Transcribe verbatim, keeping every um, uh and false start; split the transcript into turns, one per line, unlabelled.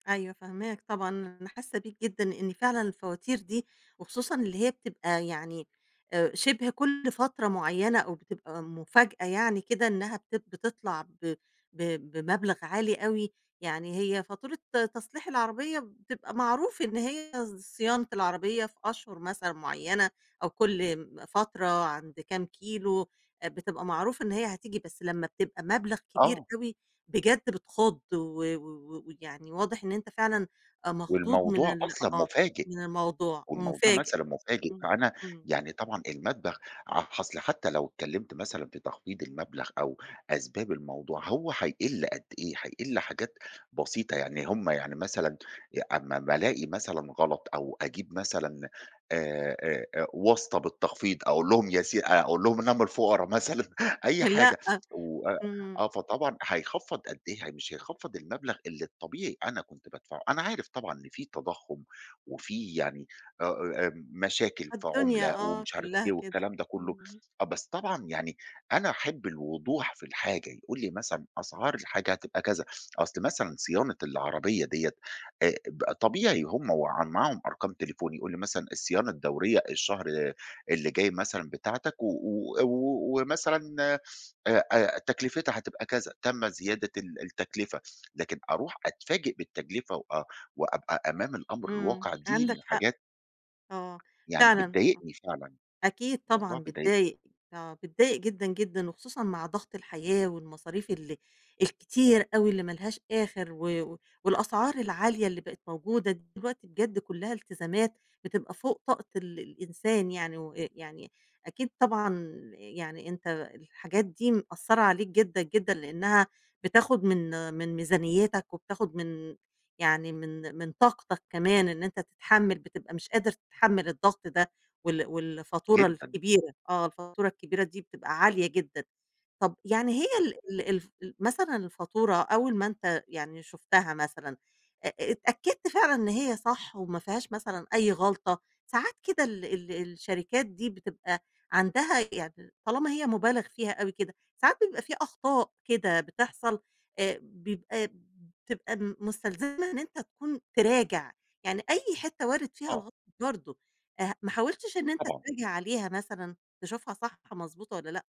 أيوه فاهماك طبعًا. أنا حاسّة بيك جدًا، لإن فعلًا الفواتير دي وخصوصًا اللي هي بتبقى يعني آآ شِبه كل فترة معيّنة أو بتبقى مفاجأة يعني كده إنّها بت بتطلع ب ب بمبلغ عالي أوي. يعني هي فاتورة تصليح العربية بتبقى معروف إن هي ص صيانة العربية في أشهُر مثلًا معيّنة أو كل م فترة عند كام كيلو، آآ بتبقى معروف إن هي هتيجي، بس لمّا بتبقى مبلغ كبير
آه.
أوي، بجد بتخُض و و و ويعني واضح إن أنت فعلًا آآ مخضوض من
والموضوع
ال
أصلًا
آه.
مفاجئ.
من الموضوع
والموضوع
ومفاجئ.
مثلًا مفاجئ،
إمم.
فأنا
إمم.
يعني طبعًا المدبغ ع أصل حتّى لو اتكلّمت مثلًا في تخفيض المبلغ أو أسباب الموضوع، هو هيقِل قد إيه؟ هيقِل حاجات بسيطة. يعني هم يعني مثلًا ي أمّا أمّا ألاقي مثلًا غلط أو أجيب مثلًا آآ، آآ، آآ واسطة بالتخفيض، أقول لهم ياس أقول لهم إن أنا من الفُقرا مثلًا أي
آآ لأ.
حاجة. وأ
إمم.
آه. فطبعًا هيخفّض قد إيه؟ هي مش هيخفّض المبلغ اللي الطبيعي أنا كنت بادفعه. أنا عارف طبعًا إن في تضخُّم وفي يعني آآ، آآ، م مشاكل
علي
في
الدنيا
عُملة
آه،
ومش عارف
كُلّها
إيه
كده.
والكلام ده كُلّه.
امم.
آه، بس طبعًا يعني أنا أحِب الوضوح في الحاجة، يقول لي مثلًا أسعار الحاجة هتبقى كذا. أصل مثلًا صيانة العربية ديّة آآ بقى طبيعي هم وعا معاهم أرقام تليفوني، يقول لي مثلًا الصيانة الدوريّة الشهر اللي جاي مثلًا بتاعتك و و -أو ومثلا آآ آآ تكلفتها هتبقى كذا، تم زيادة ال التكلفة. لكن أروح أتفاجئ بالتجلفة وأ وأبقى أمام الأمر
إمم،
الواقع دي
عندك
من
حق.
الحاجات
آه،
يعني
فعلًا آه.
بتضايقني فعلًا،
أكيد
الموضوع
طبعًا
بيضايقني.
بتضايق. آه، بتضايق جدًا، جدًا وخصوصًا مع ضغط الحياة والمصاريف ال الكتير أوي اللي ما لهاش آخِر و و والأسعار العالية اللي بقت موجودة دلوقتي بجد كُلّها التزامات بتبقى فوق طاقة ال الإنسان يعني وأ يعني أكيد طبعًا يعني أنت الحاجات دي مأثّرة عليك جدًا، جدًا لإنّها بتاخُد من من ميزانيّتك وبتاخُد من يعني من من طاقتك كمان إن أنت تتحمّل بتبقى مش قادر تتحمّل الضغط ده وال والفاتورة
جدًا.
الكبيرة آه. الفاتورة الكبيرة دي بتبقى عالية جدًا. طَب يعني هي
ت
ال ال الف ال مثلًا الفاتورة أول ما أنت يعني شُفتها مثلًا، آآ، آآ اتأكّدت فعلًا إن هي صح وما فيهاش مثلًا أي غلطة؟ ساعات كده ال ال الشركات دي بتبقى عندها يعني طالما هي مُبالغ فيها أوي كده، ساعات بيبقى في أخطاء كده بتحصل آآ بيبقى م بتبقى مستلزمها إن أنت تكون تراجع. يعني أي حتّة وارِد فيها
آه.
الغ برضه. أه ما حاولتش إن أنت
طبعًا.
تراجع عليها مثلًا تشوفها صح مضبوطة والّا لأ؟